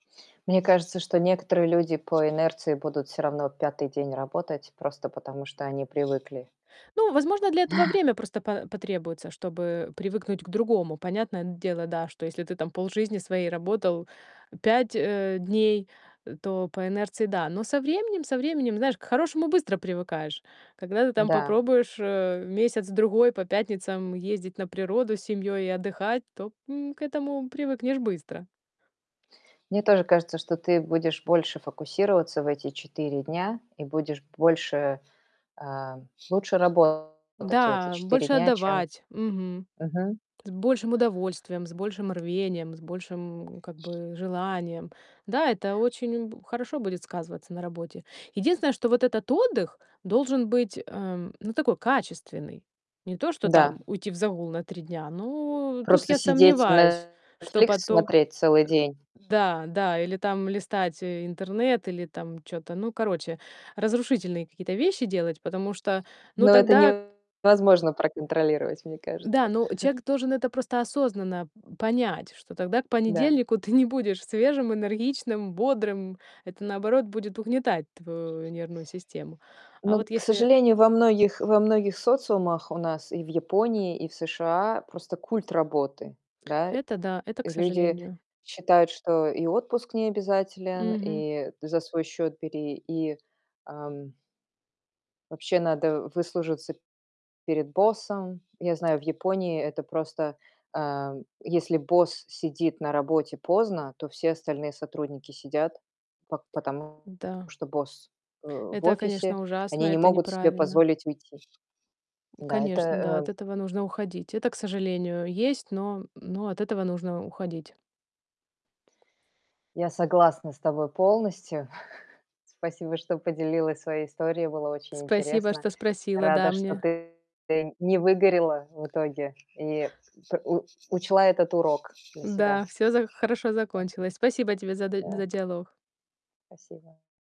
Мне кажется, что некоторые люди по инерции будут всё равно 5 день работать просто потому, что они привыкли. Ну, возможно, для этого время просто па потребуется, чтобы привыкнуть к другому. Понятное дело, да, что если ты там полжизни своей работал 5, э, дней, то по инерции- да. Но со временем, со временем, знаешь, к хорошему быстро привыкаешь. Когда ты там Да. попробуешь, э, месяц-другой по пятницам ездить на природу с семьёй и отдыхать, то, м, к этому привыкнешь быстро. Мне тоже кажется, что ты будешь больше фокусироваться в эти 4 дня и будешь больше, эм, лучше работать в эти Да, 4 больше дня, чем отдавать, мгм, Мгм. с большим удовольствием, с большим рвением, с большим, как бы, желанием. Да, это очень б хорошо будет сказываться на работе. Единственное, что вот этот отдых должен быть, эм, ну такой, качественный. Не то, что Да. там уйти в загул на 3 дня. Ну тут Просто я сидеть сомневаюсь, что Netflix потом смотреть целый день? Э, да да. Или там листать интернет, или там чё-то, ну короче, разрушительные какие-то вещи делать, потому что, ну, Но это тогда невозможно проконтролировать, мне кажется. Да, ну человек должен это просто осознанно понять, что тогда к Да. понедельнику ты не будешь свежим, энергичным, бодрым. Это, наоборот, будет угнетать твою нервную систему. А Ну, вот к если сожалению, во многих во многих социумах у нас, и в Японии, и в США просто культ работы, да? Это да, это к Люди сожалению. считают, что и отпуск не обязателен, Мгм. и за свой счёт бери, и, ам Вообще надо выслужиться перед боссом. Я знаю, в Японии это просто, э, если босс сидит на работе поздно, то все остальные сотрудники сидят, по потому Да. что босс, э, в Это, офисе, конечно, ужасно, они не это могут себе неправильно. позволить уйти. Да, это, Конечно, да, эм от этого нужно уходить. Это, к сожалению, есть, но, м, но от этого нужно уходить. Я согласна с тобой полностью. Спасибо, что поделилась своей историей. Было очень Спасибо, интересно. что спросила, Рада, да, что мне ты не выгорела в итоге и п у учла этот урок для себя. Да, всё за хорошо Да. закончилось. Спасибо тебе за д Да. за диалог. Спасибо.